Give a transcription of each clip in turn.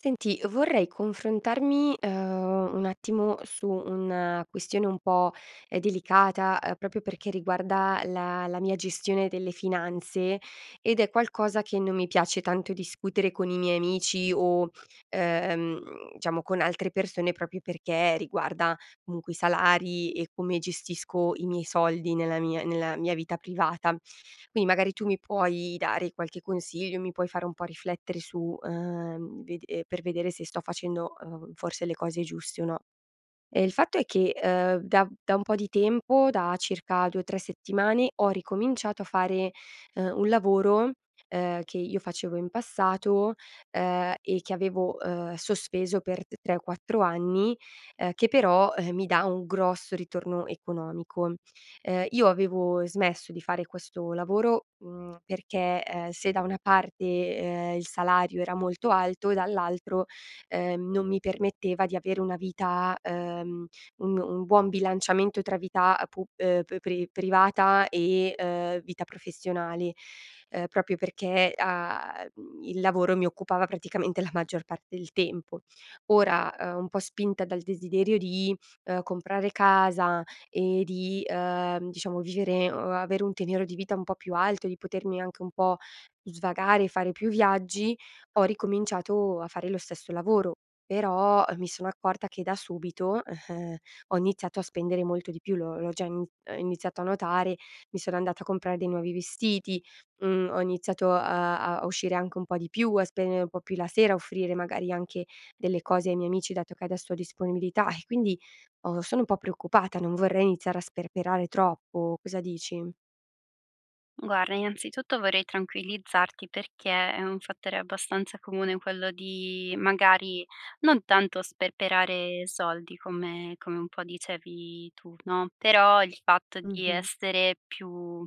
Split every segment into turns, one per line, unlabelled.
Senti, vorrei confrontarmi, uhm, un attimo su una questione un po', uhm, delicata, uhm, proprio perché riguarda la la mia gestione delle finanze ed è qualcosa che non mi piace tanto discutere con i miei amici o, ehm, mhmm, diciamo con altre persone proprio perché riguarda comunque i salari e come gestisco i miei soldi nella mia nella mia vita privata. Quindi magari tu mi puoi dare qualche consiglio, mi puoi fare un po' riflettere su uhm, vede per vedere se sto facendo, uhm, forse le cose giuste o no. Ehm, il fatto è che, ehm, da da un po' di tempo, da circa 2-3 settimane, ho ricominciato a fare, uhm, un lavoro, ehm, che io facevo in passato, ehm, e che avevo, uhm, sospeso per t 3 o 4 anni, uhm, che, però, ehm, mi dà un grosso ritorno economico. Ehm, io avevo smesso di fare questo lavoro, mhmm, perché, ehm, se da una parte, uhm, il salario era molto alto, dall'altro, ehm, non mi permetteva di avere una vita, uhm, un un buon bilanciamento tra vita, ehm, pub uhm, pri privata e, ehm, vita professionale, ehm, proprio perché a mhmm, il lavoro mi occupava praticamente la maggior parte del tempo. Ora, uhm, un po' spinta dal desiderio di, ehm, comprare casa e di, uhm, diciamo, vivere o avere un tenero di vita un po' più alto e di potermi anche un po' svagare, fare più viaggi, ho ricominciato a fare lo stesso lavoro. Però, uhm, mi sono accorta che da subito, ehm, ho iniziato a spendere molto di più, l'ho l'ho già in uhm, iniziato a notare, mi sono andata a comprare dei nuovi vestiti, mhmm, ho iniziato, uhm, a uscire anche un po' di più, a spendere un po' più la sera, a offrire magari anche delle cose ai miei amici, dato che adesso ho disponibilità e quindi ho sono un po' preoccupata, non vorrei iniziare a sperperare troppo. Cosa dici?
Guarda, innanzitutto vorrei tranquillizzarti, perché è un fattore abbastanza comune, quello di magari non tanto sperperare soldi, come come un po' dicevi tu, no, però il fatto di
Mh-mh.
essere più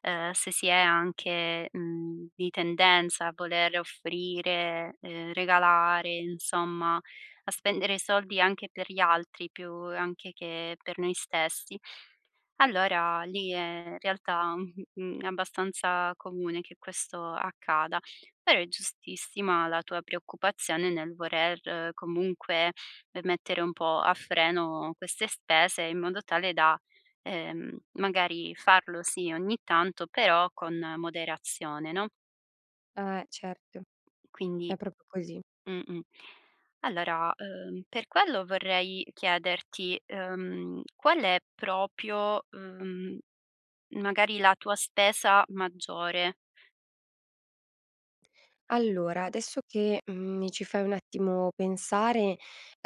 ehm, se si è anche, mhmm, di tendenza a voler offrire, ehm, regalare, insomma a spendere i soldi anche per gli altri, più anche che per noi stessi. Allora, lì, ehm, realtà, mhmm, è abbastanza comune che questo accada. Però è giustissima la tua preoccupazione nel voler comunque, ehm, mettere un po' a freno queste spese, in modo tale da, ehm, magari farlo, sì, ogni tanto, però con moderazione, no?
Eh, certo, è
Quindi
proprio così.
mh-mh. Allora, uhm, per quello vorrei chiederti, uhm, qual è proprio, uhm, magari la tua spesa maggiore?
Allora adesso che, mhmm, mi ci fai un attimo pensare,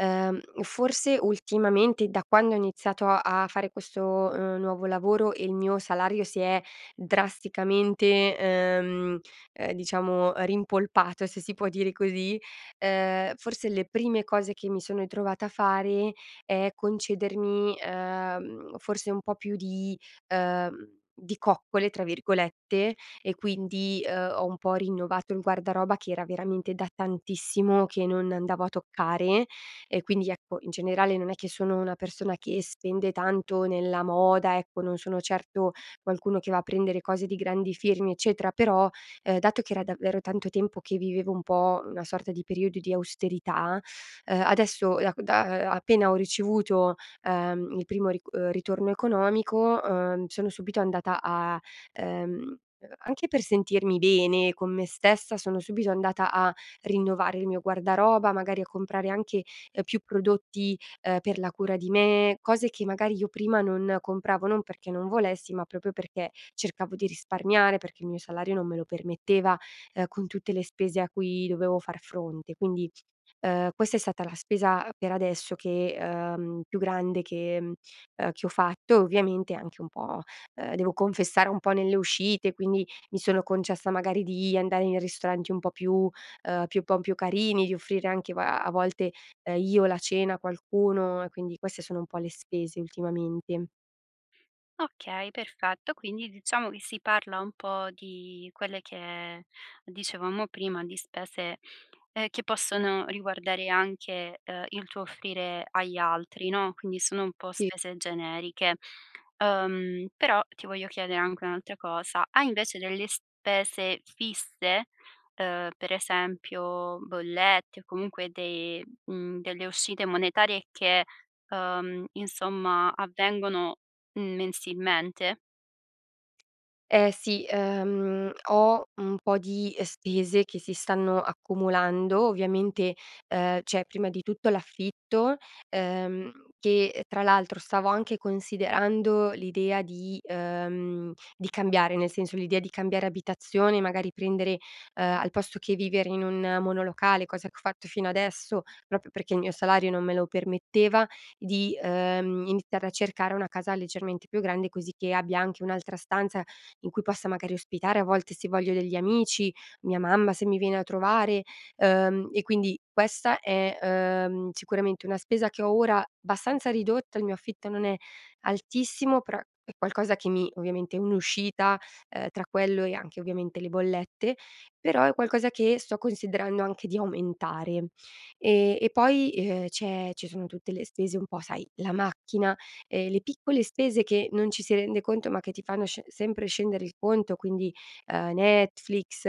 uhm, forse ultimamente, da quando ho iniziato a fare questo, uhm, nuovo lavoro e il mio salario si è drasticamente, uhm, uhm, diciamo rimpolpato, se si può dire così. Uhm, forse le prime cose che mi sono ritrovata a fare è concedermi, uhm, forse un po' più di uhm, di "coccole", tra virgolette. E quindi, uhm, ho un po' rinnovato il guardaroba che era veramente da tantissimo, che non andavo a toccare. E quindi ecco, in generale, non è che sono una persona che spende tanto nella moda, ecco, non sono certo qualcuno che va a prendere cose di grandi firmi eccetera. Però, uhm, dato che era davvero tanto tempo che vivevo un po' una sorta di periodo di austerità, uhm adesso da ehm, da a appena ho ricevuto, uhm, il primo ric ritorno economico, uhm, sono subito andata a ehm, anche per sentirmi bene con me stessa, sono subito andata a rinnovare il mio guardaroba; magari a comprare anche, uhm, più prodotti, uhm, per la cura di me, cose che magari io prima non compravo, non perché non volessi, ma proprio perché cercavo di risparmiare, perché il mio salario non me lo permetteva, uhm, con tutte le spese a cui dovevo far fronte. Quindi, uhm, questa è stata la spesa per adesso che uhm, più grande che uhm, che ho fatto e ovviamente anche un po' uhm, devo confessare, un po' nelle uscite. Quindi mi sono concessa magari di andare in ristoranti un po' più uhm, più un po' più carini, di offrire anche a-a volte io, la cena a qualcuno. Quindi queste sono un po' le spese ultimamente.
Okay, perfetto. Quindi, diciamo, che si parla un po' di quelle che dicevamo prima, di spese, ehm, che possono riguardare anche, uhm, il tuo offrire agli altri, no, quindi, sono un po'
Sì.
spese generiche. Uhm, però, ti voglio chiedere anche un'altra cosa: hai invece delle spese fisse? Uhm, per esempio bollette, o comunque de mhmm, delle uscite monetarie che, uhm, insomma, avvengono mensilmente?
Eh, sì. Uhm, ho un po' di spese che si stanno accumulando. Ovviamente, uhm, c'è prima di tutto l'affitto, uhm, che, ehm, tra l'altro stavo anche considerando l'idea di uhm, di cambiare, nel senso l'idea di cambiare abitazione, magari, prendere uhm, al posto che vivere in un monolocale, cosa che ho fatto fino adesso, proprio perché il mio salario non me lo permetteva, di, uhm, iniziare a cercare una casa leggermente più grande, così che abbia anche un'altra stanza in cui possa, magari, ospitare, a volte, se voglio degli amici, mia mamma se mi viene a trovare. Uhm, e quindi, questa è, uhm, sicuramente una spesa che ho ora abbastanza ridotta, il mio affitto non è altissimo, però è qualcosa che mi ovviamente è un'uscita, uhm, tra quello, e anche ovviamente le bollette, però è qualcosa che sto considerando anche di aumentare. Ehm, e poi, e ehm, c'è ci sono tutte le stese un po' sai: la macchina, ehm, le piccole spese che non ci si rende conto ma che ti fanno sce sempre scendere il conto quindi, uhm, Netflix,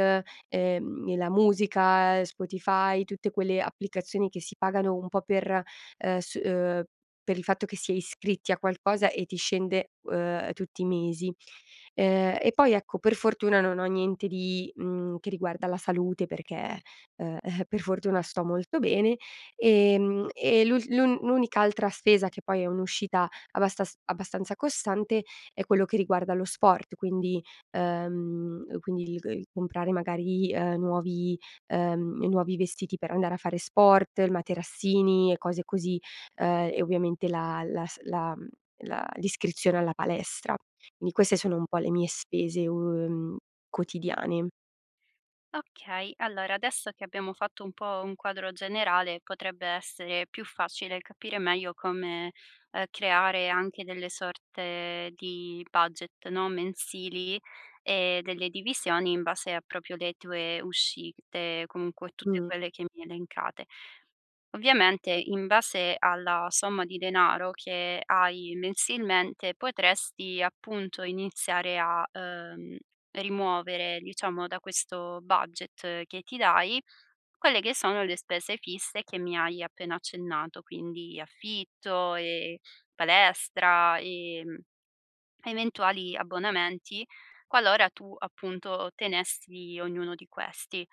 uhm, e la musica, Spotify, tutte quelle applicazioni che si pagano un po' per, ehm, s uhm, per il fatto che si è iscritti a qualcosa, e ti scende, uhm, tutti i mesi. Ehm, e poi, ecco, per fortuna non ho niente di mhmm, che riguarda la salute perché, uhm, per fortuna sto molto bene. Ehm, e l'ul l'un l'unica altra spesa, che poi è un'uscita abbastas abbastanza costante, è quello che riguarda lo sport, quindi uhm, quindi il g il comprare, magari, uhm, nuovi uhm, nuovi vestiti per andare a fare sport, il materassini, e cose così; uhm, e ovviamente la las la mhmm, la l'iscrizione alla palestra. Quindi, queste sono un po' le mie spese, uhm, quotidiane.
Okay. Allora, adesso che abbiamo fatto un po' un quadro generale, potrebbe essere più facile capire meglio come, uhm, creare anche delle sorte di budget, no, mensili, e delle divisioni in base a proprio le tue uscite, comunque tutte
Mh.
quelle che mi hai elencate. Ovviamente, in base alla somma di denaro che hai mensilmente, potresti, appunto, iniziare a, uhm, rimuovere, diciamo, da questo budget che ti dai, quelle che sono le spese fisse che mi hai appena accennato, quindi affitto, e palestra, e, mhmm, eventuali abbonamenti, qualora tu, appunto, tenessi ognuno di questi.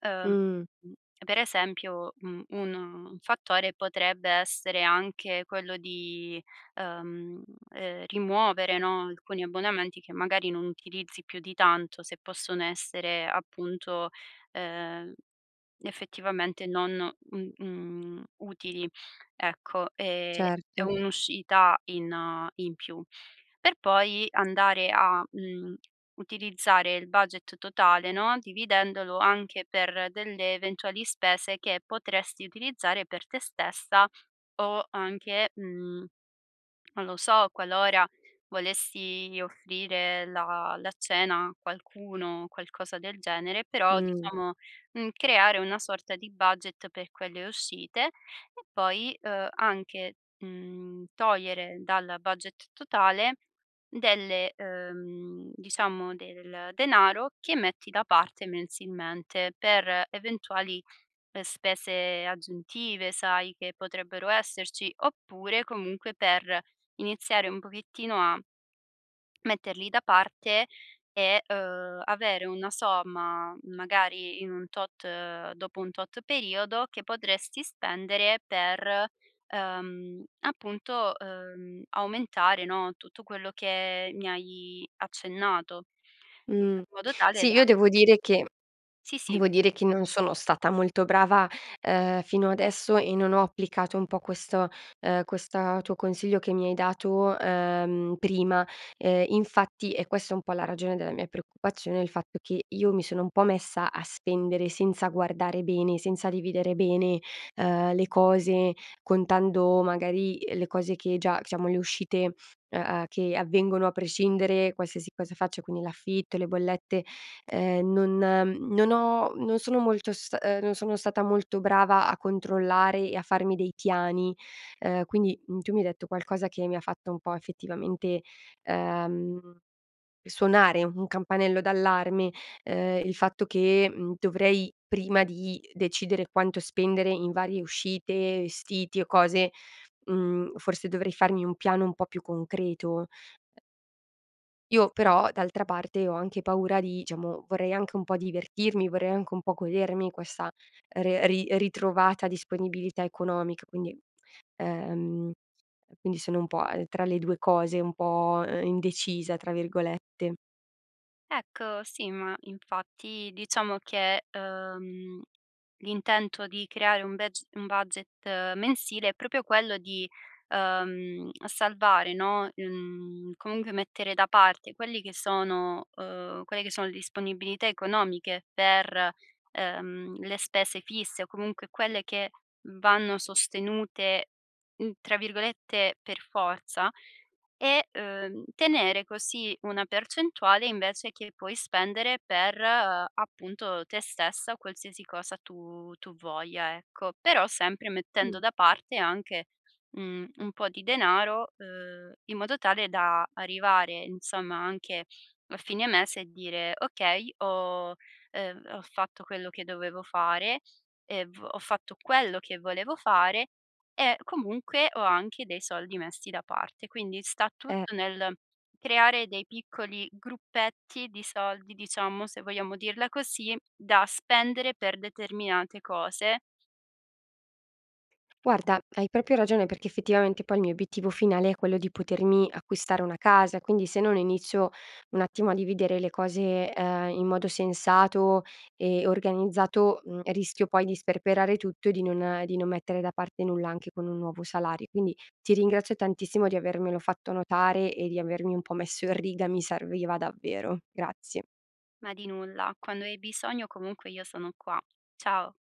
Ehm,
Mh.
uhm, per esempio, mhmm, un un fattore potrebbe essere anche quello di, uhm, ehm, rimuovere, no, alcuni abbonamenti che, magari, non utilizzi più di tanto, se possono essere, appunto, uhm, effettivamente, non, mh mhmm, utili, ecco. Ehm,
Cert
è un'uscita in in più. Per poi, andare a, mhmm, utilizzare il budget totale, no, dividendolo anche per delle eventuali spese che potresti utilizzare per te stessa, o anche, mhmm, non lo so, qualora volessi offrire la la cena a qualcuno, qualcosa del genere, però,
Mh.
diciamo, mhmm, creare una sorta di budget per quelle uscite. E, poi, uhm, anche, mhmm, togliere dal budget totale delle uhm, diciamo, del denaro che metti da parte mensilmente, per eventuali, ehm, spese aggiuntive, sai, che potrebbero esserci; oppure, comunque, per iniziare un pochettino a metterli da parte, e, uhm, avere una somma, magari in un tot dopo un tot periodo, che potresti spendere per, uhm, appunto, uhm, aumentare, no, tutto quello che mi hai accennato, in
Mh.
modo tale
Sì,
da
io devo dire che
Sì, sì.
devo dire che non sono stata molto brava, uhm, fino adesso, e non ho applicato un po' questo uhm, questa tuo consiglio che mi hai dato, uhm, prima. Ehm, infatti, è questa un po' la ragione della mia preoccupazione, il fatto che io mi sono un po' messa a spendere senza guardare bene, senza dividere bene, uhm, le cose, contando magari, uhm, le cose che già siamo le uscite, u uhm, che avvengono a prescindere qualsiasi cosa faccio, quindi l'affitto, le bollette. Uhm, non non ho non sono molto st uhm, non sono stata molto brava a controllare e a farmi dei piani. Uhm, quindi, mhmm, tu mi hai detto qualcosa che mi fatto un po' effettivamente, uhm, suonare un campanello d'allarme, uhm, il fatto che, mhmm, dovrei prima di decidere quanto spendere in varie uscite, vestiti, o cose, mhmm, forse dovrei farmi un piano un po' più concreto. E Io,
Sì.
però, d'altra parte, ho anche paura di diciamo, vorrei anche un po' divertirmi, vorrei anche un po' godermi questa re ri ritrovata disponibilità economic Quindi uhm, quindi sono un po', uhm, tra le 2 cose, un po', uhm, “indecisa“ tra virgolette.
Ecco, sì, ma infatti, diciamo che, uhm, l'intento di creare un bedg un budget mensile, è proprio quello di, uhm, salvare, no mhmm, comunque, mettere da parte quelli che sono uhm, quelle che sono le disponibilità economiche per, uhm, le spese fisse, o comunque, quelle che, m vanno sostenute, n tra virgolette "per forza", e, uhm, tenere così una percentuale, invece che, puoi spendere per, appunto, te stessa, o qualsiasi cosa tu tu voglia, ecco. Però, sempre mettendo
Mh.
da parte, anche, mhmm, un po' di denaro, uhm, in modo tale da, arrivare, insomma, anche a fine mese, e dire: "Okay ho" uhm, "ho fatto quello che dovevo fare e v ho fatto quello che volevo fare, e comunque ho anche dei soldi messi da parte". Quindi, sta
Eh.
tutto nel creare dei piccoli gruppetti di soldi, diciamo, se vogliamo dirla così, da spendere, per determinate cose
Guarda, hai proprio ragione, perché, effettivamente, poi, il mio obiettivo finale, è quello di potermi acquistare una casa, quindi, se non inizio, un attimo, a dividere le cose, ehm, in modo sensato e organizzato, mhmm, rischio poi di sperperare tutto, e di non di non mettere da parte nulla, anche con un nuovo salari quindi, ti ringrazio tantissimo, di avermelo fatto notare, e di avermi un po' messo in riga, mi serviva davvero. Grazie.
Ma di nulla, quando hai bisogno, comunque, io sono qua. Ciao!